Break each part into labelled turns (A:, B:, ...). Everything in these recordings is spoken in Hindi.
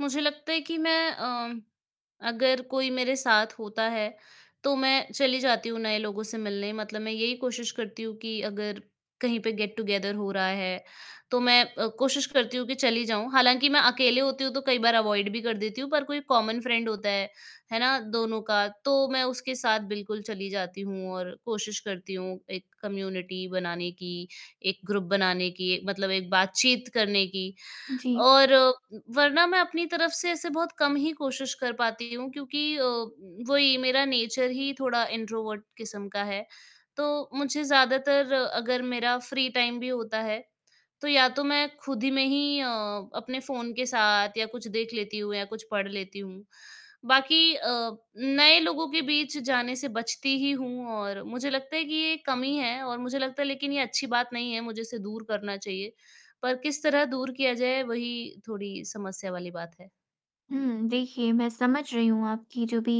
A: मुझे लगता है कि मैं अ, म अगर कोई मेरे साथ होता है, तो मैं चली जाती हूँ नए लोगों से मिलने मतलब मैं यही कोशिश करती हूँ कि अगर कहीं पे गेट टुगेदर हो रहा है, तो मैं अ, कोशिश करती हूँ कि चली जाऊँ। हालाँकि मैं अकेले होती हूँ तो कई बार अवॉइड भी कर देती हूँ पर कोई कॉमन फ्रेंड होता है, है ना? दोनों का, तो मैं उसके साथ बिल्कुल चली जाती हूँ और कोशिश करती हूँ एक कम्युनिटी बनाने की, एक ग्रुप बनाने की मतलब एक बातचीत करने की।
B: जी।
A: और उम, वरना मैं अपनी तरफ से ऐसे बहुत कम ही कोशिश कर पाती हूँ क्योंकि अ, उम, वही मेरा नेचर ही थोड़ा इंट्रोवर्ट किस्म का है, तो मुझे ज़्यादातर अगर मेरा फ्री टाइम भी होता है, तो या तो मैं खुद में ही अ, अपने फ़ोन के साथ या कुछ देख लेती हूँ या कुछ पढ़ लेती हूँ। बाकी अ, नए लोगों के बीच जाने से बचती ही हूँ और मुझे लगता है कि ये कमी है और मुझे लगता है लेकिन ये अच्छी बात नहीं है मुझे इसे दूर करना चाहिए। पर किस तरह दूर किया जाए वही थोड़ी समस्या वाली बात है।
B: हुँ, देखिए मैं समझ रही हूँ आपकी जो भी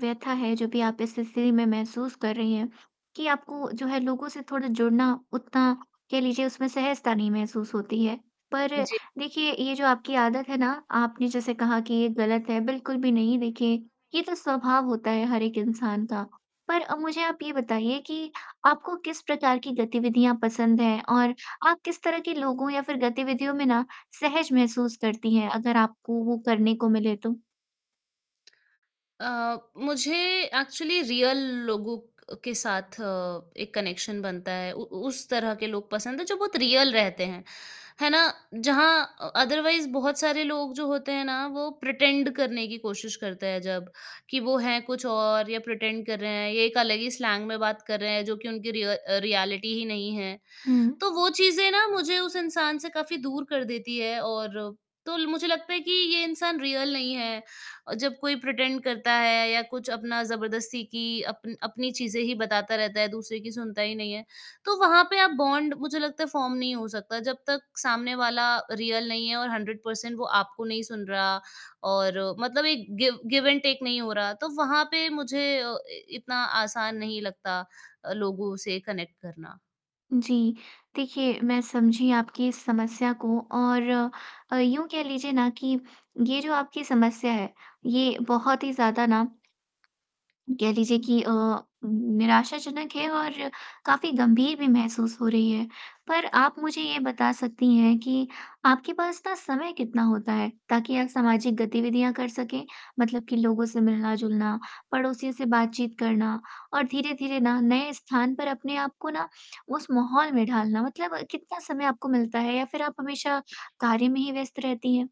B: व्यथा है, जो भी आप इस स्थिति में महसूस कर रही हैं, कि आपको जो है लोगों से थोड़ा जुड़ना उतना कह लीजिए उसमें सहजता नहीं महसूस होती है। पर
A: उ, जी।
B: देखिए ये जो आपकी आदत है ना आपने जैसे कहा कि ये गलत है बिल्कुल भी नहीं देखिए, ये तो स्वभाव होता है हर एक इंसान का। पर अ, मुझे आप ये बताइए कि आपको किस प्रकार की गतिविधियाँ पसंद है और आप किस तरह के लोगों या फिर गतिविधियों में ना सहज महसूस करती हैं अगर आपको वो करने को मिले तो?
A: अ, मुझे एक्चुअली रियल लोगों अ, के साथ एक कनेक्शन बनता है। उ उ उस तरह के लोग पसंद है जो बहुत रियल रहते हैं, है ना? जहाँ अ अदरवाइज़ बहुत सारे लोग जो होते हैं ना, वो प्रिटेंड करने की कोशिश करते हैं जब, कि वो हैं कुछ और या प्रिटेंड कर रहे हैं, ये एक अलग ही स्लैंग में बात कर रहे हैं जो कि उनकी रिय अ, रियलिटी ही नहीं है।
B: हुँ।
A: तो वो चीज़ें ना मुझे उस इंसान से काफ़ी दूर कर देती है और तो ल मुझे लगता है कि ये इंसान रियल नहीं है, अ, जब कोई प्रिटेंड करता है या कुछ अपना जबरदस्ती की अपन अपनी चीज़ें ही बताता रहता है, दूसरे की सुनता ही नहीं है, तो वहाँ पे आप बॉन्ड मुझे लगता है फ़ॉर्म नहीं हो सकता जब तक सामने वाला रियल नहीं है और 100% वो आपको नहीं सुन रहा और मतलब एक गिव गिव एंड टेक नहीं हो रहा, तो वहाँ पे मुझे अ, इतना आसान नहीं लगता, अ, लोगों से कनेक्ट करना।
B: जी, देखिए मैं समझी आपकी इस समस्या को और अ, यूँ कह लीजिए ना कि ये जो आपकी समस्या है, ये बहुत ही ज़्यादा ना कह लीजिए कि अ, उम, निराशाजनक है और काफ़ी गंभीर भी महसूस हो रही है। पर आप मुझे ये बता सकती हैं कि आपके पास ना समय कितना होता है ताकि आप सामाजिक गतिविधियाँ कर सकें? मतलब कि लोगों से मिलना-जुलना, पड़ोसियों से बातचीत करना और धीरे-धीरे ना नए स्थान पर अपने आप को ना उस माहौल में ढालना मतलब कितना समय आपको मिलता है या फिर आप हमेशा कार्य में ही व्यस्त रहती हैं?